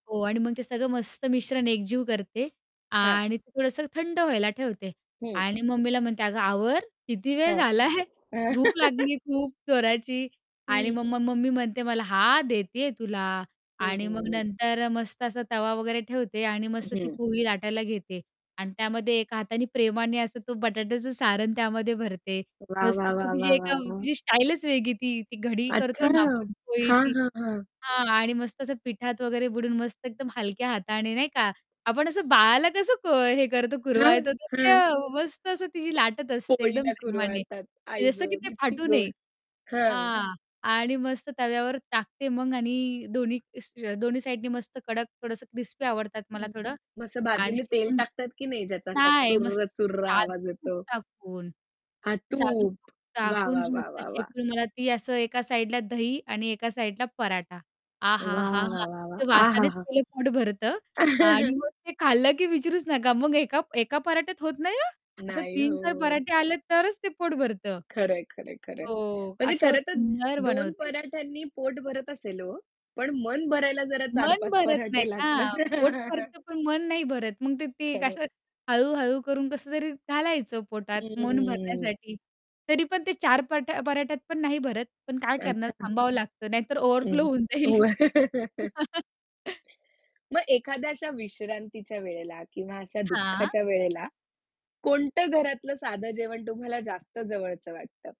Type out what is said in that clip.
हो आणि मग ते सगळं मस्त मिश्रण एकजीव करते हां. आणि ते थोडंसं थंड व्हायला ठेवते हं. आणि मम्मीला म्हणते, "अगं, आवर किती वेळ हं. झाला आहे? भूक लागली खूप जोराची." आणि हं. मग मग मम्मी म्हणते मला "हां, देते आहे तुला." आणि मग हं. नंतर मस्त असा तवा वगैरे ठेवते आणि मस्त ती हं. पोळी लाटायला घेते आणि त्यामध्ये एका हाताने प्रेमाने असं तो बटाट्याचं सारण त्यामध्ये भरते. वाह! मस्त वाह! ते वाह! तिची वाह! वाह! एकदम वाह! तिची स्टाईलच वेगळी ती ती घडी अच्छा. करतो ना आपण हां, पोळीची हां, हां. हां आणि मस्त असं पिठात वगैरे बुडून मस्त एकदम हलक्या हाताने नाही का? आपण असं बाळाला कसं क हे करतो हां, कुरवाळतो तसं त्या हां. मस्त असं तिची लाटत असते. एकदम पोळीला प्रेमाने कुरवाळतात तर जसं की आईगं, ते किती फाटू गोड! नये. हां. हां आणि मस्त तव्यावर टाकते मग आणि दोन्ही दोन्ही साइडनी मस्त कडक थोडंसं क्रिस्पी आवडतात मला हं. थोडं मग असं आणि बाजूने तेल शेकून टाकतात की नाही ज्याचा असा नाही, मस्त चुर्र-चुर्र आवाज साजूक तूप येतो. टाकून. हां. साजूक तूप. तूप वाह! टाकून वाह! वाह! नुसतं वाह! वाह! शेकून मला ती असं एका साइडला दही आणि एका साइडला पराठा वाह! आहाहाहा! वाह! वाह! वाह! ते वासानेच आहाहा! पहिलं पोट भरतं आणि मग ते खाल्लं की विचारूच नका मग एका एका पराठ्यात होत नाही हां, असं नाही 3-4 हो. पराठे आले तरच ते पोट भरतं. खरं आहे, खरं आहे, खरं आहे. हो म्हणजे असं खरंतर सुंदर 2 बनवते. पराठ्यांनी पोट भरत असेल हो, पण मन भरायला जरा चार मन पाच भरत नाही पराठे ना. लागतात. पोट भरतं पण मन नाही भरत. मग ते ते एक खरंय. असं हळू-हळू करून कसं तरी घालायचं पोटात मन हम्म. भरण्यासाठी तरी पण ते 4 परा पराठ्यात पण नाही भरत पण काय करणार अच्छा. थांबावं लागतं. नाहीतर ओव्हरफ्लो हं. होऊन जाईल. मग एखाद्या अशा विश्रांतीच्या वेळेला किंवा अशा हां. दुःखाच्या वेळेला कोणतं घरातलं साधं जेवण तुम्हाला जास्त जवळचं वाटतं?